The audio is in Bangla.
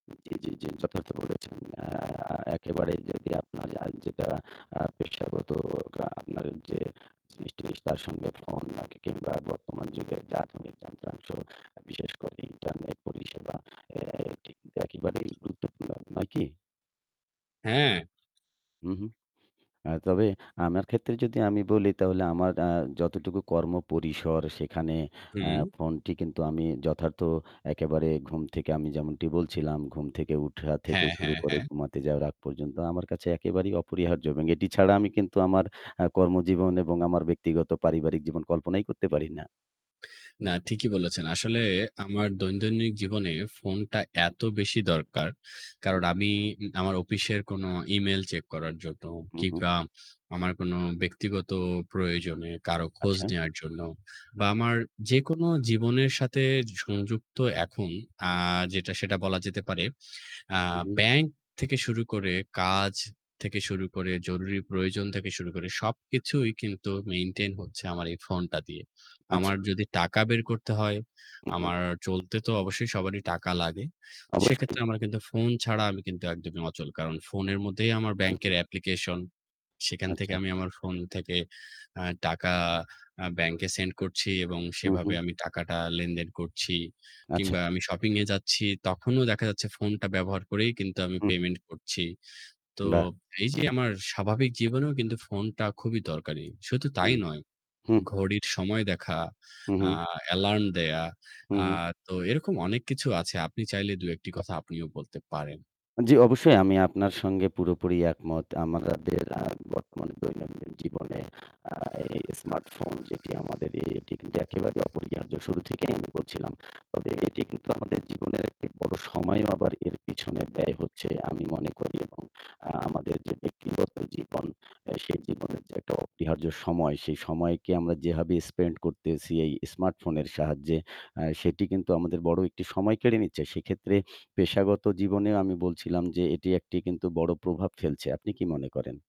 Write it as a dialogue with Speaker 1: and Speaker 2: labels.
Speaker 1: জি, জি, জি, যথার্থ বলেছেন। আ একেবারে যদি আপনার আজ যেটা আ পেশাগত আ আপনার যে জিনিসটি তার সঙ্গে ফোন না কিংবা বর্তমান যুগের যা আধুনিক যন্ত্রাংশ, বিশেষ করে ইন্টারনেট পরিষেবা, এ এটি কিন্তু একেবারেই গুরুত্বপূর্ণ। নয় কি?
Speaker 2: হ্যাঁ।
Speaker 1: হু, হু। আ তবে আমার ক্ষেত্রে যদি আমি বলি তাহলে আমার আ যতটুকু কর্ম পরিসর সেখানে আ
Speaker 2: হু।
Speaker 1: ফোনটি কিন্তু আমি যথার্থ একেবারে ঘুম থেকে আমি যেমনটি বলছিলাম, ঘুম থেকে ওঠা থেকে
Speaker 2: হ্যাঁ,
Speaker 1: শুরু
Speaker 2: হ্যাঁ,
Speaker 1: করে
Speaker 2: হ্যাঁ।
Speaker 1: ঘুমাতে যাওয়ার আগ পর্যন্ত আমার কাছে একেবারেই অপরিহার্য এবং এটি ছাড়া আমি কিন্তু আমার আ কর্মজীবন এবং আমার ব্যক্তিগত পারিবারিক জীবন কল্পনাই করতে পারি না।
Speaker 2: না, ঠিকই বলেছেন। আসলে আমার দৈনন্দিন জীবনে ফোনটা এত বেশি দরকার।
Speaker 1: হু,
Speaker 2: কারণ
Speaker 1: হু।
Speaker 2: আমি আমার অফিসের কোনো ইমেইল চেক করার জন্য
Speaker 1: হু, হু।
Speaker 2: কিংবা আমার কোনো ব্যক্তিগত প্রয়োজনে কারো খোঁজ
Speaker 1: আচ্ছা।
Speaker 2: নেয়ার জন্য বা আমার যেকোনো জীবনের সাথে সংযুক্ত এখন আ যেটা, সেটা বলা যেতে পারে আ
Speaker 1: হু, হু।
Speaker 2: ব্যাংক থেকে শুরু করে, কাজ থেকে শুরু করে, জরুরি প্রয়োজন থেকে শুরু করে, সবকিছুই কিন্তু maintain হচ্ছে আমার এই ফোনটা দিয়ে।
Speaker 1: আচ্ছা।
Speaker 2: আমার যদি টাকা বের করতে হয়,
Speaker 1: হু, হু।
Speaker 2: আমার চলতে তো অবশ্যই সবারই টাকা লাগে।
Speaker 1: অবশ্যই।
Speaker 2: সেক্ষেত্রে আমার কিন্তু ফোন ছাড়া আমি কিন্তু একদমই অচল। কারণ ফোনের মধ্যেই আমার
Speaker 1: হু, হু।
Speaker 2: ব্যাংকয়ের application। সেখান থেকে
Speaker 1: আচ্ছা।
Speaker 2: আমি আমার ফোন থেকে আ টাকা আ ব্যাংকে send করছি এবং
Speaker 1: হু, হু।
Speaker 2: সেভাবে আমি টাকাটা লেনদেন করছি।
Speaker 1: আচ্ছা।
Speaker 2: কিংবা আমি শপিংয়ে যাচ্ছি তখনও দেখা যাচ্ছে ফোনটা ব্যবহার করেই কিন্তু আমি
Speaker 1: হু, হু।
Speaker 2: payment করছি। তো
Speaker 1: বাহ!
Speaker 2: এইযে আমার স্বাভাবিক জীবনেও কিন্তু ফোনটা খুবই দরকারি। শুধু তাই
Speaker 1: হুম।
Speaker 2: নয়,
Speaker 1: হু।
Speaker 2: ঘড়ির সময় দেখা,
Speaker 1: হু,
Speaker 2: আ
Speaker 1: হু।
Speaker 2: অ্যালার্ম দেয়া।
Speaker 1: হু,
Speaker 2: আ
Speaker 1: হু।
Speaker 2: তো এরকম অনেক কিছু আছে। আপনি চাইলে ২, ১ টি কথা আপনিও বলতে পারেন।
Speaker 1: জি, অবশ্যই আমি আপনার সঙ্গে পুরোপুরি একমত। আমাদের আ বর্তমান দৈনন্দিন জীবনে আ এই স্মার্টফোন যেটি আমাদের এ এটি কিন্তু একেবারে অপরিহার্য শুরু থেকেই আমি বলছিলাম। তবে এটি কিন্তু আমাদের জীবনের একটি বড় সময়ও আবার এর পিছনে ব্যয় হচ্ছে আমি মনে করি এবং আ আমাদের যে ব্যক্তিগত জীবন, এ সে জীবনের যে একটা অপরিহার্য সময়, সেই সময়কে আমরা যেভাবে spend করতেছি এই স্মার্টফোনের সাহায্যে, আ সেটি কিন্তু আমাদের বড় একটি সময় কেড়ে নিচ্ছে। সেক্ষেত্রে পেশাগত জীবনেও আমি বলছিলাম যে এটি একটি কিন্তু বড় প্রভাব ফেলছে। আপনি কি মনে করেন?